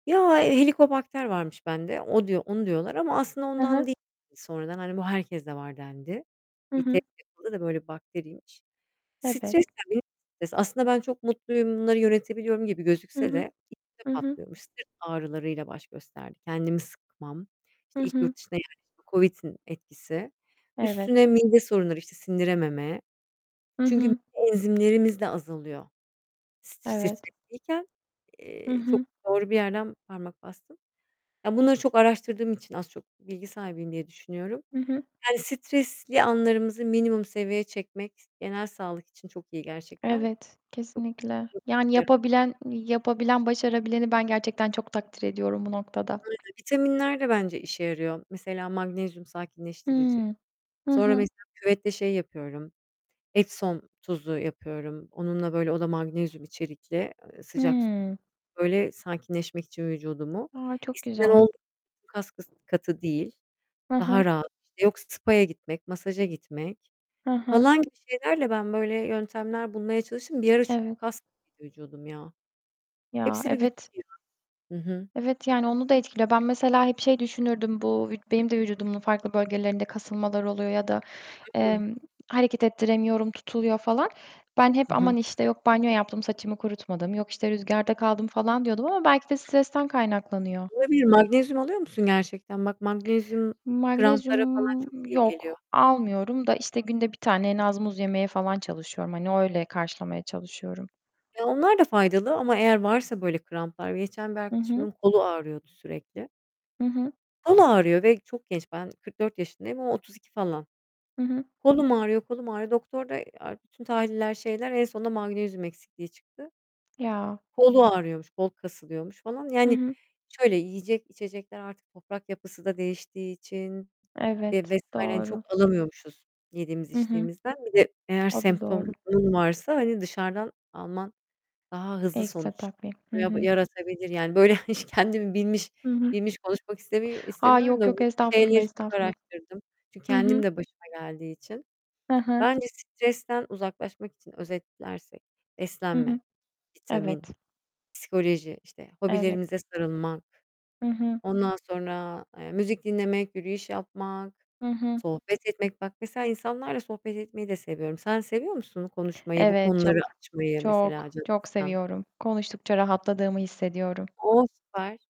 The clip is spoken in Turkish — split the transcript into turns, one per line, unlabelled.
Ya, helikobakter varmış bende. O diyor, onu diyorlar ama aslında
Hı
ondan
hı.
değil sonradan, hani, bu herkeste var dendi.
Hı
Eee, test
hı.
yapıldı da böyle bakteriymiş.
Evet.
Stres de [unintelligible] stres. Aslında ben çok mutluyum, bunları yönetebiliyorum gibi
Hı
gözükse
hı.
de içte
Hı hı.
patlıyormuş. Sırt ağrılarıyla baş gösterdi. Kendimi sıkmam.
Hı
İşte, ilk
hı.
yurt dışına yerleşme, Covid'in etkisi.
Evet.
Üstüne mide sorunları, işte, sindirememe.
Hı
Çünkü
hı.
enzimlerimiz de azalıyor.
Evet.
Stresliyken,
Hı
eee, çok
hı.
doğru bir yerden parmak bastın. Ya, bunları çok araştırdığım için az çok bilgi sahibiyim diye düşünüyorum.
Hı hı.
Yani stresli anlarımızı minimum seviyeye çekmek genel sağlık için çok iyi gerçekten.
Evet, kesinlikle. Yani
[unintelligible]
yapabilen yapabilen, başarabileni ben gerçekten çok takdir ediyorum bu noktada.
Bu arada vitaminler de bence işe yarıyor. Mesela magnezyum sakinleştirici.
Hımm, hı
Sonra
hı.
mesela küvette şey yapıyorum, epsom tuzu yapıyorum. Onunla böyle o da magnezyum içerikli, eee, sıcak
Hımm.
böyle sakinleşmek için vücudumu,
A, çok
eskiden
güzel.
olduğu gibi kaskatı değil.
Hı hı.
Daha rahat, işte, yok spaya gitmek, masaja gitmek
Hı hı.
falan gibi şeylerle ben böyle yöntemler bulmaya çalıştım. Bir ara çünkü
Evet.
kaskatıydı vücudum ya.
Ya,
Hepsi bir bütündü
evet.
ya. Hı hı.
Evet, yani, onu da etkiliyor. Ben mesela hep şey düşünürdüm: Bu benim de vücudumun farklı bölgelerinde kasılmalar oluyor ya da, eee,
Hı.
hareket ettiremiyorum, tutuluyor falan. Ben hep,
Hı hı.
"Aman, işte, yok, banyo yaptım, saçımı kurutmadım, yok, işte, rüzgarda kaldım." falan diyordum ama belki de stresten kaynaklanıyor.
Olabilir. Magnezyum alıyor musun gerçekten? Bak magnezyum kramplara falan çok
Magnezyum,
iyi
yok
geliyor.
almıyorum da, işte, bir tane en az muz yemeye falan çalışıyorum, hani, öyle karşılamaya çalışıyorum.
Ya, onlar da faydalı ama eğer varsa böyle kramplar, geçen bir
Hı hı.
arkadaşımın kolu ağrıyordu sürekli.
Hı hı.
Kolu ağrıyor ve çok genç ben 44 yaşındayım, o 32 falan.
Hı hı.
"Kolum ağrıyor, kolum ağrıyor." Doktor da, eee, aaa, bütün tahliller, şeyler en sonunda magnezyum eksikliği çıktı.
Ya.
Kolu ağrıyormuş, kol kasılıyormuş falan.
Hı
Yani
hı.
şöyle yiyecek içecekler artık toprak yapısı da değiştiği için ve
Evet,
vs. hani
doğru.
çok alamıyormuşuz yediğimiz
Hı hı.
içtiğimizden. Bir de eğer
O da doğru.
semptomun varsa, hani, dışarıdan alman daha hızlı
Ekstra
sonuç
takviye, hı
ya
hı.
yaratabilir. Yani, böyle hiç kendimi bilmiş
Hı hı.
bilmiş konuşmak istemi
A,
istemiyorum
yok,
da
yok.
bu
Estağfurullah,
şeyleri çok
estağfurullah.
araştırdım. Çünkü
Hı
kendim
hı.
de başıma geldiği için.
Hı hı.
Bence stresten uzaklaşmak için özetlersek:
Hı
Beslenme,
hı. Evet.
vitamin, psikoloji, işte,
Evet.
hobilerimize sarılmak,
Hı hı.
ondan sonra, eee, müzik dinlemek, yürüyüş yapmak,
Hı hı.
sohbet etmek, bak mesela insanlarla sohbet etmeyi de seviyorum. Sen seviyor musun konuşmayı, bu
Evet,
konuları
çok
açmayı mesela
çok
canını
çok
sıkan?
seviyorum, konuştukça rahatladığımı hissediyorum.
O süper.